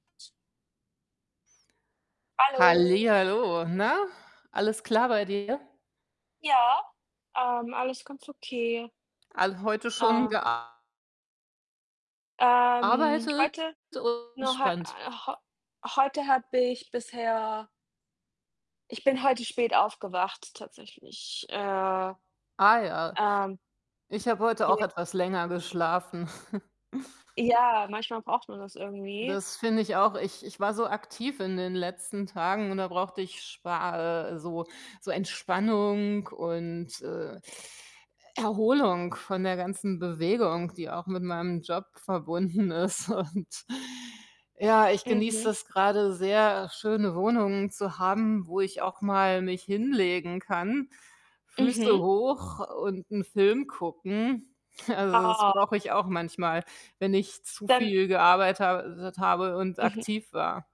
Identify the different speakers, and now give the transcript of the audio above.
Speaker 1: Hallo.
Speaker 2: Hallihallo, na? Alles klar bei dir?
Speaker 1: Ja, ähm, alles ganz okay.
Speaker 2: All heute schon
Speaker 1: Ah.
Speaker 2: gea
Speaker 1: Ähm,
Speaker 2: arbeitet
Speaker 1: heute
Speaker 2: [unintelligible]
Speaker 1: nur heu
Speaker 2: entspannt?
Speaker 1: äh, heu heute habe ich bisher ich bin heute spät aufgewacht tatsächlich, äh,
Speaker 2: Ah ja.
Speaker 1: ähm.
Speaker 2: Ich habe heute auch
Speaker 1: Ja.
Speaker 2: etwas länger geschlafen.
Speaker 1: Ja, manchmal braucht man das irgendwie.
Speaker 2: Das finde ich auch. Ich ich war so aktiv in den letzten Tagen und da brauchte ich spa äh, so so Entspannung und, äh, Erholung von der ganzen Bewegung, die auch mit meinem Job verbunden ist. Und ja, ich genieße
Speaker 1: Mhm.
Speaker 2: das grade sehr, äh, schöne Wohnung zu haben, wo ich auch mal mich hinlegen kann, Füße
Speaker 1: Mhm.
Speaker 2: hoch und 'n Film gucken. Also, das
Speaker 1: Ah.
Speaker 2: brauche ich auch manchmal, wenn ich zu
Speaker 1: Dann
Speaker 2: viel gearbeit habe tet habe und
Speaker 1: Mhm.
Speaker 2: aktiv war.